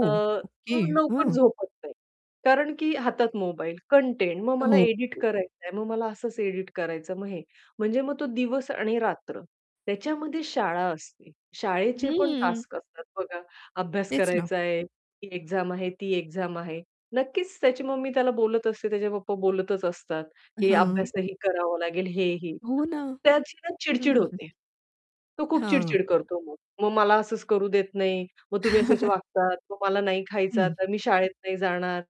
अ, okay, तो लवकर हां. झोपत नाही. कारण की हातात मोबाईल कंटेंट मग मला हो. Edit okay. करायचं आहे, मग मला असच एडिट करायचंय मग हे. म्हणजे मग तो दिवस आणि रात्र त्याच्यामध्ये शाळा असते, शाळेचे पण हं. टास्क असतात बघा, अभ्यास तेच ना. करायचा आहे, ती एक्झाम आहे ती एक्झाम आहे नक्कीच त्याची मम्मी त्याला बोलत असते, त्याचे पप्पा बोलतच असतात, की हां. अभ्यासही करावा लागेल, हेही. हो ना. त्याची ना हं, चिड-चिड हं, हं. होते. तो खूप हां. चिड-चिड करतो मग. "मग मला असंच करू देत नाही, मग तुम्ही असेच वागतात, मग मला नाही खायचं हं. आता, मी शाळेत नाही जाणार"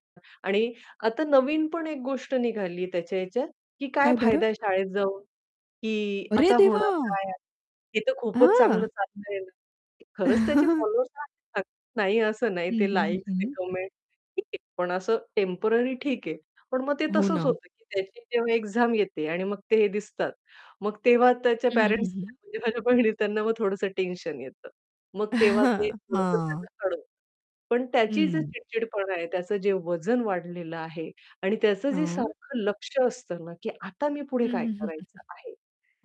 आणि आता नवीन पण एक गोष्ट निघाली त्याच्या ह्याच्यात, की "काय काय बरं? फायदा आहे शाळेत जाऊन, की अरे आता होणार देवा! काय आहे? हे तर खूपच हां. चांगलं चाललंय" खरंच त्याचे फॉलोवर्स [unintelligible] नाही असं नाही हं, ते हं, हं, लाइक्स हं, ते हं. कमेंट्स, ठीक आहे पण असं टेम्पररी ठीक आहे पण मग ते हो तसंच ना. होतं की त्याची जेव्हा एक्झाम येते आणि मग ते हे दिसतात. मग तेव्हा त्याच्या हं, हं, हं, पेरेंट्स हं. [unintelligible] म्हणजे माझ्या बहिणी त्यांना मग थोडसं टेन्शन येतं. मग तेव्हा ते थोडसं त्याचं हां. [unintelligible] पण त्याची जर हं. चिड-चिडपणा आहे त्याचं जे वजन वाढलेलं आहे आणि त्याचं जे हां. सारखं लक्ष असतं ना, की आता मी पुढे हं, काय हं, हं, हं, हं. करायचं आहे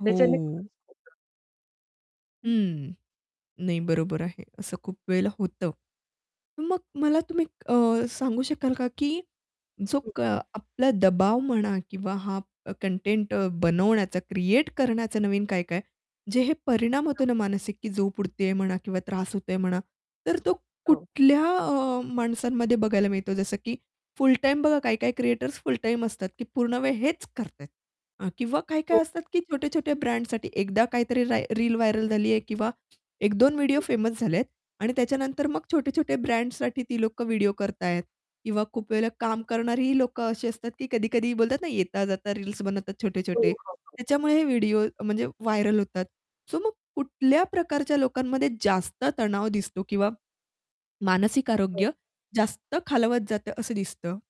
त्याच्याने हो. थोडसं [unintelligible] हं, नाही, बरोबर आहे. असं खूप वेळेला होतं. मग मला तुम्ही अ, सांगू शकाल का की जो हं. का आपला दबाव म्हणा किंवा हा अ, कंटेंट अ, बनवण्याचा क्रिएट करण्याचा नवीन काय-काय जे हे परिणाम होतो ना [unintelligible] मानसिक झोप उडतेय म्हणा किंवा त्रास होतोय म्हणा. तर तो हो. कुठल्या अ, माणसांमध्ये बघायला मिळतो? जसं की फुल टाईम बघा काही-काही क्रिएटर्स फुल टाईम असतात की पूर्ण वेळ हेच करतायेत अ, किंवा काय-काय [unintelligible] असतात की छोटे-छोटे, ब्रँडसाठी एकदा काहीतरी राय रील व्हायरल झाली आहे किंवा 1-2 व्हिडिओ हं. फेमस झालेत आणि त्याच्यानंतर मग छोटे-छोटे ब्रँड्ससाठी ती लोकं व्हिडिओ करतायेत किंवा खूप वेळेला काम करणारीही लोकं अशी असतात की कधी-कधी बोलतात ना, येता जाता रील्स बनवतात हो, छोटे-छोटे. हो, हो. त्याच्यामुळेही हे व्हिडिओ म्हणजे व्हायरल होतात. सो मग कुठल्या प्रकारच्या लोकांमध्ये जास्त तणाव दिसतो? किंवा मानसिक [unintelligible] आरोग्य जास्त खालवत जातं असं दिसतं.